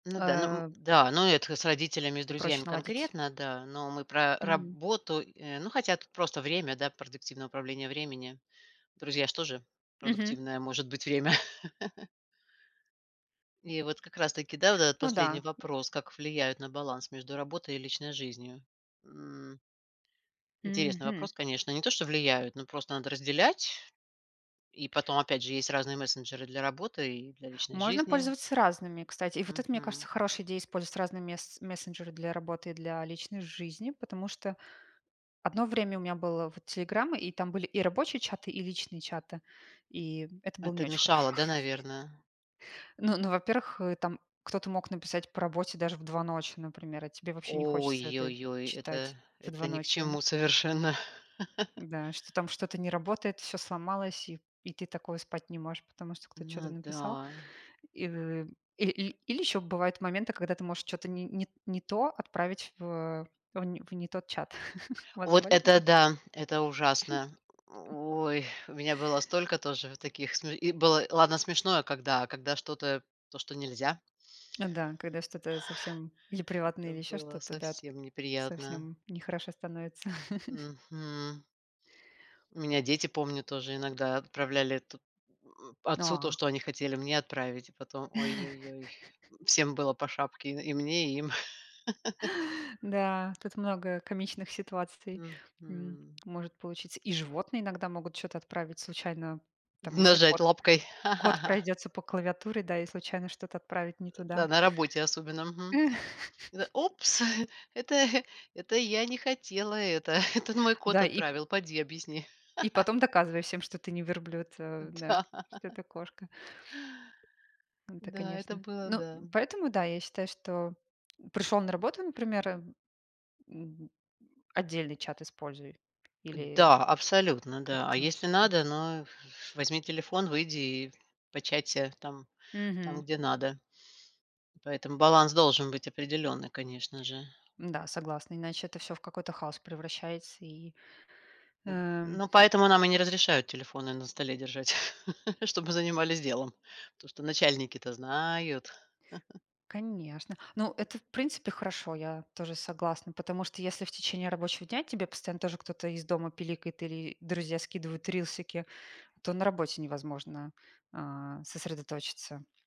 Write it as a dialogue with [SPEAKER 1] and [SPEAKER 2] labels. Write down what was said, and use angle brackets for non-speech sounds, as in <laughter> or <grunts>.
[SPEAKER 1] Ну да, ну, м,
[SPEAKER 2] А
[SPEAKER 1] да, но это с родителями и с
[SPEAKER 2] Проще
[SPEAKER 1] друзьями
[SPEAKER 2] наладить.
[SPEAKER 1] конкретно, да, но мы про
[SPEAKER 2] Мгм.
[SPEAKER 1] работу. Э, ну, хотя тут просто время, да, продуктивное управление временем. Друзья ж тоже
[SPEAKER 2] Мгм.
[SPEAKER 1] продуктивное может быть время. <laughs> И вот как раз-таки, да, вот этот
[SPEAKER 2] Ну
[SPEAKER 1] последний
[SPEAKER 2] да, м
[SPEAKER 1] вопрос: "Как влияют на баланс между работой и личной жизнью?" М. <grunts> Интересный
[SPEAKER 2] Мгм.
[SPEAKER 1] вопрос, конечно. Не то что влияют, но просто надо разделять, и потом, опять же, есть разные мессенджеры для работы и для личной
[SPEAKER 2] Можно
[SPEAKER 1] жизни.
[SPEAKER 2] пользоваться разными, кстати. И вот это, мне кажется,
[SPEAKER 1] Мгм.
[SPEAKER 2] хорошая идея- использовать разные мессе мессенджеры для работы и для личной жизни. Потому что одно время у меня было вот "Телеграм", и там были и рабочие чаты, и личные чаты, и, м, это было не
[SPEAKER 1] Это
[SPEAKER 2] очень хорошо.
[SPEAKER 1] мешало, да, наверное?
[SPEAKER 2] <chuckles> Ну ну, во-первых, э, там кто-то мог написать по работе даже в 2 ночи, например, а тебе вообще не хочется это
[SPEAKER 1] Ой-йой-йой, это
[SPEAKER 2] читать в 2
[SPEAKER 1] это ни к
[SPEAKER 2] ночи.
[SPEAKER 1] чему совершенно. <laughs>
[SPEAKER 2] Да, что там что-то не работает, всё сломалось, и и ты такого спать не можешь, потому что кто-то чё-то
[SPEAKER 1] Ну
[SPEAKER 2] написал.
[SPEAKER 1] да.
[SPEAKER 2] И в и или или ещё бывают моменты, когда ты можешь чё-то не не не то отправить в в н в не тот чат. <chuckles> У вас
[SPEAKER 1] Вот
[SPEAKER 2] бывали
[SPEAKER 1] это
[SPEAKER 2] такие?
[SPEAKER 1] да, это ужасно. <grunts>
[SPEAKER 2] <chuckles>
[SPEAKER 1] Ой, у меня было столько тоже вот таких сме и было, и ладно, смешное, когда, а когда что-то то, что нельзя.
[SPEAKER 2] Ну да, когда что-то совсем или
[SPEAKER 1] <exhales>
[SPEAKER 2] приватное,
[SPEAKER 1] Это
[SPEAKER 2] или ещё
[SPEAKER 1] было
[SPEAKER 2] что-то, да, т
[SPEAKER 1] совсем неприятно.
[SPEAKER 2] совсем нехорошо становится. <chuckles>
[SPEAKER 1] Мгм. У меня дети, помню, тоже иногда отправляли это, м,
[SPEAKER 2] Ну,
[SPEAKER 1] отцу то,
[SPEAKER 2] а
[SPEAKER 1] что они хотели мне отправить, и потом ой-ой-ой,
[SPEAKER 2] <laughs>
[SPEAKER 1] м, всем было по шапке: и и мне, и им. <laughs>
[SPEAKER 2] Да, тут много комичных ситуаций, м,
[SPEAKER 1] Мгм.
[SPEAKER 2] может получиться. И животные иногда могут чё-то отправить случайно, там, если
[SPEAKER 1] Нажать
[SPEAKER 2] кот
[SPEAKER 1] лапкой.
[SPEAKER 2] кот
[SPEAKER 1] <laughs>
[SPEAKER 2] пройдётся по клавиатуре, да, и случайно что-то отправить не
[SPEAKER 1] <grunts> Да
[SPEAKER 2] туда.
[SPEAKER 1] на работе особенно. Мгм.
[SPEAKER 2] М.
[SPEAKER 1] Это:
[SPEAKER 2] <laughs>
[SPEAKER 1] "Упс, <chuckles> это <chuckles> это я не хотела это, <chuckles> это н мой кот
[SPEAKER 2] Да и п
[SPEAKER 1] отправил", поди объясни.
[SPEAKER 2] и
[SPEAKER 1] <laughs>
[SPEAKER 2] потом доказывай всем, что ты не верблюд, а, ну да.
[SPEAKER 1] Да.
[SPEAKER 2] Что
[SPEAKER 1] <laughs>
[SPEAKER 2] это кошка. М, это
[SPEAKER 1] Да, это
[SPEAKER 2] конечно.
[SPEAKER 1] было,
[SPEAKER 2] Ну,
[SPEAKER 1] да.
[SPEAKER 2] м, поэтому да, я считаю, что пришёл на работу, например, м, м, отдельный чат используй или
[SPEAKER 1] Да, абсолютно, да. А
[SPEAKER 2] как-то
[SPEAKER 1] если
[SPEAKER 2] да.
[SPEAKER 1] надо, ну, ф ф возьми телефон, выйди и початься там, там,
[SPEAKER 2] Мгм.
[SPEAKER 1] где надо. Поэтому баланс должен быть определенный, конечно же.
[SPEAKER 2] Да, согласна, иначе это всё в какой-то хаос превращается, и
[SPEAKER 1] М,
[SPEAKER 2] Эм
[SPEAKER 1] ну, поэтому нам и не разрешают телефоны на столе держать, <laughs> чтобы занимались делом, потому что начальники-то знают. <laughs>
[SPEAKER 2] Конечно, ну, это в принципе хорошо, я тоже согласна. Потому что если в течение рабочего дня тебе постоянно тоже кто-то из дома пиликает или друзья скидывают рилсики, то на работе невозможно, а, сосредоточиться.